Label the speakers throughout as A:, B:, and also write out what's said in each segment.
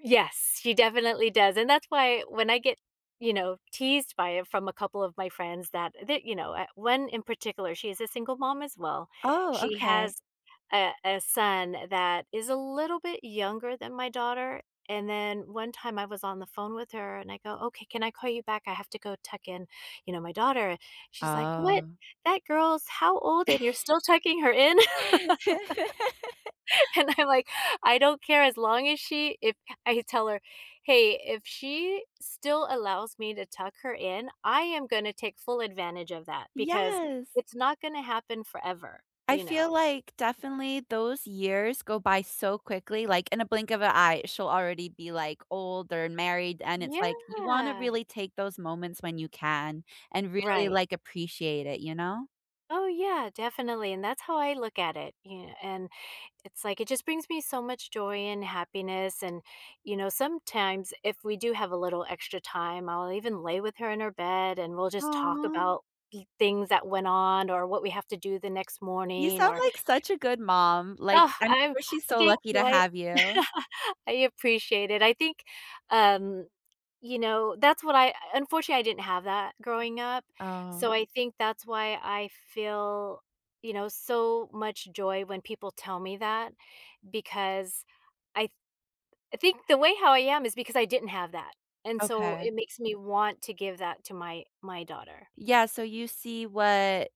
A: Yes, she definitely does, and that's why when I get, you know, teased by it from a couple of my friends, that that, you know, eh, 1 in particular, she is a single mom as well.
B: Oh,
A: She has
B: okay.
A: a a son that is a little bit younger than my daughter, and then one time I was on the phone with her and I go, "Okay, can I call you back? I have to go tuck in, you know, my daughter." She's, like, "What?
B: Oh.
A: That girl's how old and you're still tucking her in?" And I'm, like, "I don't care as long as she if" I had to tell her, "Hey, if she still allows me to tuck her in, I am gonna take full advantage of that because
B: Yes.
A: it's not gonna happen forever,"
B: I
A: you know.
B: feel, like, definitely those years go by so quickly, like, in a blink of an eye, she'll already be, like, older and married, and it's, like, you wanna
A: Yeah.
B: really take those moments when you can, and really,
A: Right.
B: like, appreciate it, you know?
A: Oh yeah, definitely, and that's how I look at it, yeah, and it's, like, it just brings me so much joy and happiness. And, you know, sometimes if we do have a little extra time, I'll even lay with her in her bed, and we'll just talk
B: Aw!
A: about thi things that went on or what we have to do the next
B: You
A: morning,
B: sound
A: or
B: like such a good mom, like,
A: Ugh,
B: I'm
A: I'm
B: sure she's so
A: thank
B: lucky to
A: you, I
B: have you.
A: I appreciate it. I think, um, you know, that's what I unfortunately, I didn't have that growing up.
B: Oh.
A: So, I think that's why I feel, you know, so much joy when people tell me that because I th I think the way how I am is because I didn't have that, and so
B: Okay.
A: it makes me want to give that to my my daughter.
B: Yeah, so you see what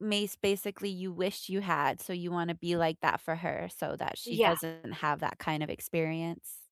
B: miss basically you wish you had, so you wanna be like that for her, so that she
A: Yeah.
B: doesn't have that kind of experience.